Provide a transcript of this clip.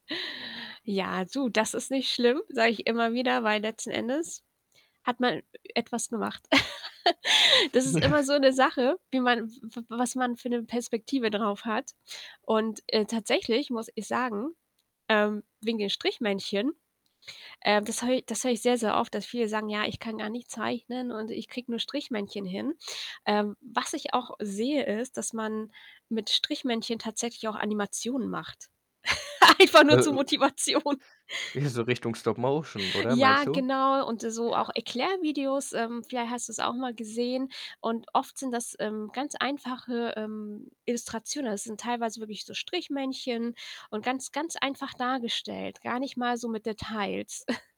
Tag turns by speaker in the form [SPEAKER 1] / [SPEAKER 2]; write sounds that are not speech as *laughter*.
[SPEAKER 1] Ja, du, das ist nicht schlimm, sage ich immer wieder, weil letzten Endes hat man etwas gemacht. *laughs* Das ist
[SPEAKER 2] Ja.
[SPEAKER 1] immer so 'ne Sache, wie man w w was man für 'ne Perspektive drauf hat. Und, äh, tatsächlich muss ich sagen, ähm wegen den Strichmännchen. Äh, das hö das höre ich sehr, sehr oft, dass viele sagen: „Ja, ich kann gar nicht zeichnen und ich kriege nur Strichmännchen hin.“ Ähm, was ich auch sehe, ist, dass man mit Strichmännchen tatsächlich auch Animationen macht, *laughs* einfach
[SPEAKER 2] Äh,
[SPEAKER 1] nur zur
[SPEAKER 2] ö
[SPEAKER 1] Motivation.
[SPEAKER 2] hier so Richtung Stop-Motion oder, meinst
[SPEAKER 1] Ja,
[SPEAKER 2] du?
[SPEAKER 1] genau. Und so auch Erklärvideos, ähm, vielleicht hast du's auch mal gesehen. Und oft sind das, ähm, ganz einfache, ähm, Illustrationen. Also, es sind teilweise wirklich so Strichmännchen und ganz, ganz einfach dargestellt, gar nicht mal so mit Details. *chuckles*